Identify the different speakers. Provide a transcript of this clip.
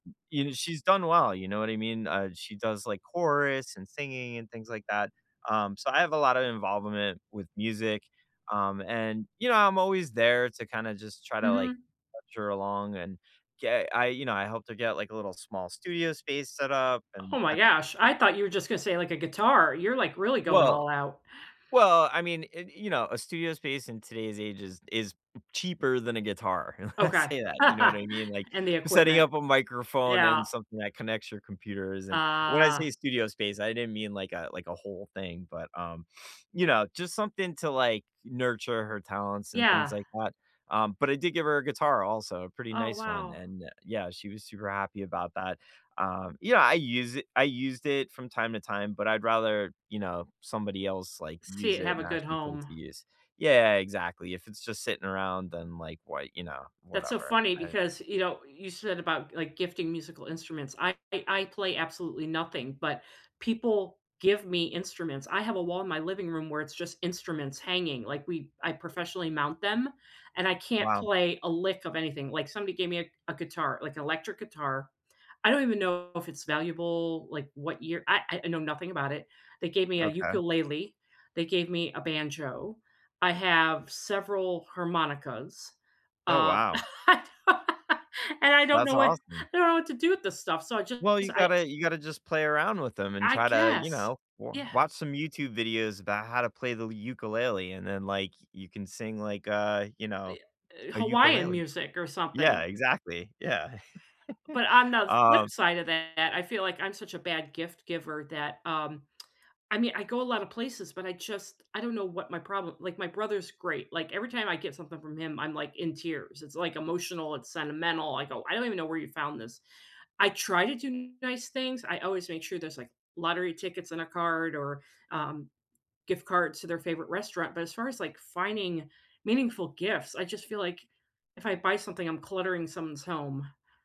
Speaker 1: You kn she's done well, you know what I mean? Uh, she does, like, chorus and singing and things like that, um, so I have a lot of involvement with music. Um, and, you know, I'm always there to, kinda, just try to, like,
Speaker 2: Mhm.
Speaker 1: coach her along and get I, you know, I hope to get, like, a little small studio space set up and
Speaker 2: Oh my
Speaker 1: [unintelligible]
Speaker 2: gosh. I thought you were just gonna say, like, a guitar. You're, like, really going
Speaker 1: Well
Speaker 2: all out.
Speaker 1: well, I mean, eh, i you know, a studio space in today's age is is cheaper than a guitar. I
Speaker 2: Okay.
Speaker 1: say that, you know what I mean? Like,
Speaker 2: And the
Speaker 1: setting
Speaker 2: equipment.
Speaker 1: up a microphone
Speaker 2: Yeah.
Speaker 1: and something that connects your computers, and, when I
Speaker 2: Ah.
Speaker 1: say studio space, I didn't mean like a like a whole thing, but, um, you know, just something to, like, nurture her talents and things
Speaker 2: Yeah.
Speaker 1: like that. Um, but I did give her a guitar also; a pretty
Speaker 2: Oh,
Speaker 1: nice one.
Speaker 2: wow.
Speaker 1: And yeah, she was super happy about that. Um, yeah. I use i I used it from time to time, but I'd rather, you know, somebody else, like,
Speaker 2: See
Speaker 1: use
Speaker 2: it
Speaker 1: it
Speaker 2: have
Speaker 1: and
Speaker 2: a good
Speaker 1: actually put it
Speaker 2: home.
Speaker 1: to use. Yeah, exactly, if it's just sitting around, then, like, why you know,
Speaker 2: That's so
Speaker 1: whatever.
Speaker 2: funny
Speaker 1: I
Speaker 2: because, you know, you said about, like, gifting musical instruments. I I play absolutely nothing, but people give me instruments. I have a wall in my living room where it's just instruments hanging. Like, we I professionally mount them and I can't
Speaker 1: Wow.
Speaker 2: play a lick of anything. Like somebody gave me a a guitar- like electric guitar. I don't even know if it's valuable. Like what year I I know nothing about it. They gave me a
Speaker 1: Okay.
Speaker 2: ukulele. They gave me a banjo. I have several harmonicas,
Speaker 1: Oh,
Speaker 2: uh,
Speaker 1: wow.
Speaker 2: I don't know and I don't
Speaker 1: That's
Speaker 2: know wha I
Speaker 1: awesome.
Speaker 2: don't know what to do with this stuff. So I just
Speaker 1: Well, you
Speaker 2: I
Speaker 1: gotta you gotta just play around with 'em and
Speaker 2: I
Speaker 1: try to, you
Speaker 2: guess.
Speaker 1: know, w
Speaker 2: Yeah.
Speaker 1: watch some YouTube videos about how to play the l ukulele, and then, like, you can sing like, uh, you
Speaker 2: Uh,
Speaker 1: know,
Speaker 2: ye eh,
Speaker 1: a
Speaker 2: Hawaiian
Speaker 1: ukulele.
Speaker 2: music or
Speaker 1: Yeah,
Speaker 2: something.
Speaker 1: exactly, yeah.
Speaker 2: But on the flip
Speaker 1: Um
Speaker 2: side of that, I feel like I'm such a bad gift-giver that, um, I mean, I go a lotta places, but I just I don't know what my problem Like, my brother's great. Like, every time I get something from him, I'm like in tears. It's like emotional. It's sentimental. I go, "I don't even know where you found this." I try to do nice things. I always make sure there's like lottery tickets in a card or, um, gift cards to their favorite restaurant. But as far as, like, finding meaningful gifts, I just feel like if I buy something, I'm cluttering someone's home.